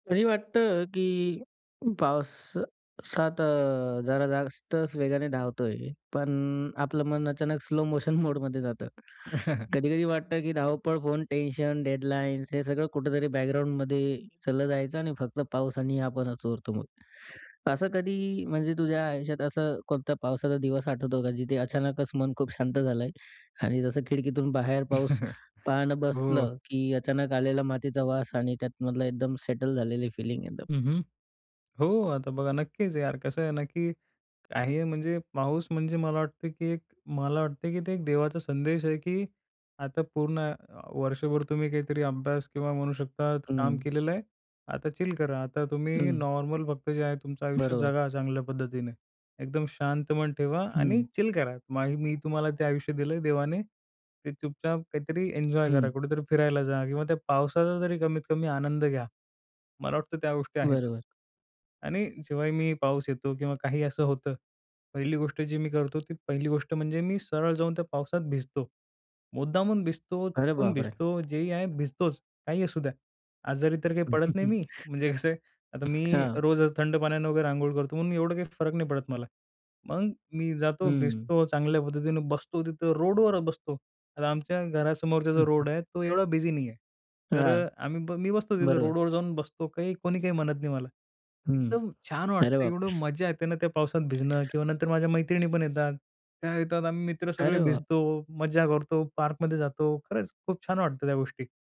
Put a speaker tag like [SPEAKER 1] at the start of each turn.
[SPEAKER 1] कधी वाटतं, की पाऊस सात जरा जास्तच वेगाने धावतोय, पण आपलं मन अचानक स्लो मोशन मोडमध्ये जातं. कधी-कधी वाटतं, की धावपळ, फोन, टेन्शन, डेडलाइन्स हे सगळं कुठेतरी बॅकग्राऊंडमध्ये चाललं जायचं आणि फक्त पाऊस आणि आपणच उरतो मग. असं कधी म्हणजे तुझ्या आयुष्यात असं कोणत्या पावसाचा दिवस आठवतो का? जिथे अचानकच मन खूप शांत झालं आहे आणि जसं खिडकीतून बाहेर पाऊस पाहणं
[SPEAKER 2] हो.
[SPEAKER 1] बसलं, की अचानक आलेला मातीचा वास आणि त्यातमधलं एकदम सेटल झालेली फिलिंग एकदम?
[SPEAKER 2] हं, हं. हो, आता बघा, नक्कीच यार कसं आहे ना, की काही म्हणजे पाऊस म्हणजे मला वाटतं, की एक मला वाटते की ते एक देवाचा संदेश आहे, की आता पूर्ण आय वर्षभर तुम्ही काहीतरी अभ्यास किंवा म्हणू शकता काम
[SPEAKER 1] हं.
[SPEAKER 2] केलेलं आहे. आता चिल करा. आता तुम्ही
[SPEAKER 1] हं.
[SPEAKER 2] नॉर्मल फक्त जे आहे, तुमचं आयुष्य
[SPEAKER 1] बरोबर.
[SPEAKER 2] जगा चांगल्या पद्धतीने. एकदम शांत मन ठेवा
[SPEAKER 1] हं.
[SPEAKER 2] आणि चिल करा. मग मी तुम्हाला ते आयुष्य दिलं आहे, देवाने ते चुपचाप काहीतरी एन्जॉय करा.
[SPEAKER 1] हं.
[SPEAKER 2] कुठेतरी फिरायला जा. किंवा त्या पावसाचा जरी कमीत कमी आनंद घ्या. मला वाटतं त्या गोष्टी
[SPEAKER 1] बरोबर.
[SPEAKER 2] आहेतच. आणि जेव्हाही मी पाऊस येतो किंवा काही असं होतं, पहिली गोष्ट जी मी करतो, ती पहिली गोष्ट म्हणजे मी सरळ जाऊन त्या पावसात भिजतो. मुद्दामून भिजतो,
[SPEAKER 1] अरे
[SPEAKER 2] चुकून
[SPEAKER 1] बाप रे!
[SPEAKER 2] भिजतो, जेही आहे भिजतोच काहीही असू द्या. आजारी तर काही पडत नाही मी. म्हणजे कसं आहे, आता मी
[SPEAKER 1] हं.
[SPEAKER 2] रोज थंड पाण्यानं वगैरे अंघोळ करतो म्हणून मी एवढं काही फरक नाही पडत मला. मग मी जातो,
[SPEAKER 1] हं.
[SPEAKER 2] भिजतो चांगल्या पद्धतीने, बसतो तिथं, रोडवरच बसतो. आता आमच्या घरासमोरचा जो रोड
[SPEAKER 1] हं.
[SPEAKER 2] आहे, तो एवढा बिझी नाही आहे. तर
[SPEAKER 1] हां.
[SPEAKER 2] आम्ही ब मी बसतो तिथं
[SPEAKER 1] बरं.
[SPEAKER 2] रोडवर जाऊन बसतो काही, कोणी काही म्हणत नाही मला.
[SPEAKER 1] हं.
[SPEAKER 2] एकदम छान
[SPEAKER 1] अरे
[SPEAKER 2] वाटतं एवढं
[SPEAKER 1] बापरे!
[SPEAKER 2] मज्जा येते ना, त्या पावसात भिजणं किंवा नंतर माझ्या मैत्रिणी पण येतात. त्या येतात, आम्ही मित्र सगळे
[SPEAKER 1] अरे वाह!
[SPEAKER 2] भिजतो, मज्जा करतो, पार्कमध्ये जातो. खरंच खूप छान वाटतं त्या गोष्टी.